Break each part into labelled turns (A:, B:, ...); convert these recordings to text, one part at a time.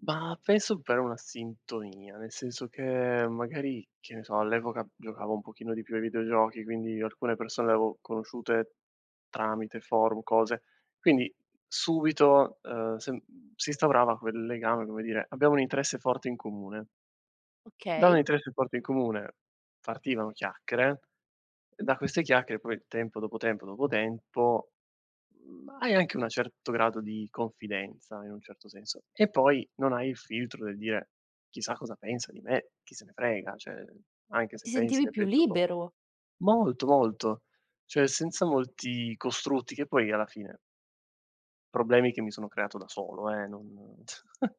A: Ma penso per una sintonia, nel senso che magari, che ne so, all'epoca giocavo un pochino di più ai videogiochi, quindi, alcune persone le avevo conosciute tramite forum, cose. Quindi, subito, uhm, sen si instaurava quel legame, come dire: "Abbiamo un interesse forte in comune." Da un
B: Okay.
A: interesse forte in comune, partivano chiacchiere, e da queste chiacchiere, poi, tempo, dopo tempo, dopo tempo, mhmm, hai anche una certo grado di confidenza, in un certo senso. E poi non hai il filtro del dire: "Chissà cosa pensa di me, chi se ne frega." Cioè, anche se
B: Ti
A: pensi
B: sentivi
A: le
B: più
A: peggio co
B: libero.
A: Molto, molto, cioè, senza molti costrutti, che poi alla fine problemi che mi sono creato da solo, eh, non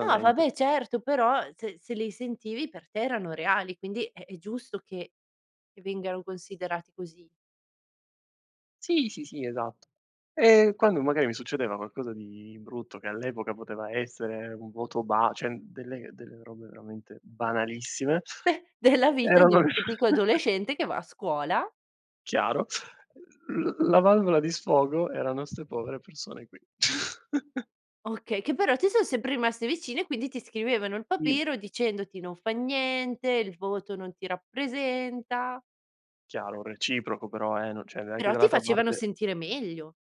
B: No, vabbè, certo, però, se se li sentivi per te erano reali. Quindi, è è giusto che che vengano considerati così.
A: Sì, sì, sì, esatto. E quando magari mi succedeva qualcosa di brutto, che all' epoca poteva essere un voto ba cioè, delle delle robe veramente banalissime,
B: Beh, della vita di un
A: erano
B: tipico adolescente che va a scuola.
A: Chiaro. L l la valvola di sfogo erano 'ste povere persone qui.
B: Okay, che però ti so sempre rimaste vicine, quindi, ti scrivevano il
A: Mh.
B: papero, dicendoti: "Non fa niente, il voto non ti rappresenta."
A: Chiaro, reciproco però, eh, no cioè, neanche
B: Però ti
A: dall'altra
B: facevano
A: parte
B: sentire meglio.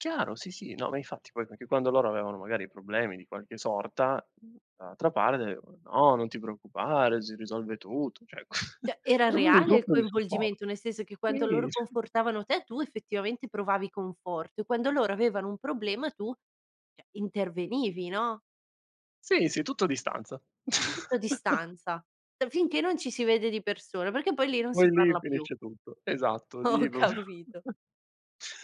A: Chiaro. Sì, sì. No, ma infatti, poi perché quando loro avevano, magari, problemi di qualche sorta, mhmm, dall'altra parte, uhm: "No, non ti preoccupare, si risolve tutto." Cioè,
B: Cioè, era
A: era proprio un
B: reale il
A: gruppo di supporto.
B: coinvolgimento, nel senso che quanto
A: Sì,
B: loro
A: s
B: confortavano te, tu, effettivamente, provavi conforto, e quando loro avevano un problema tu, cioè, intervenivi, no?
A: Sì, sì. Tutto a distanza.
B: Tutto a distanza, uhm, finché non ci si vede di persone perché, poi, lì non si
A: Poi, lì
B: parla più.
A: finisce tutto. Esatto,
B: Ho
A: lì proprio
B: capito.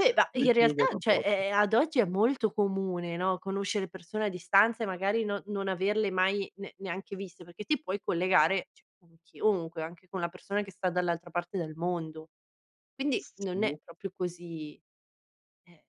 B: E, da
A: lì
B: in
A: chiudo
B: realtà,
A: il
B: cioè,
A: rapporto.
B: è è ad oggi, è molto comune, no, conoscere persone a distanza, e magari, no non averle mai ne neanche viste, perché ti puoi collegare, cioè, con chiunque, anche con la persona che sta dall'altra parte del mondo. Quindi, non è
A: Sì.
B: proprio così. Eh.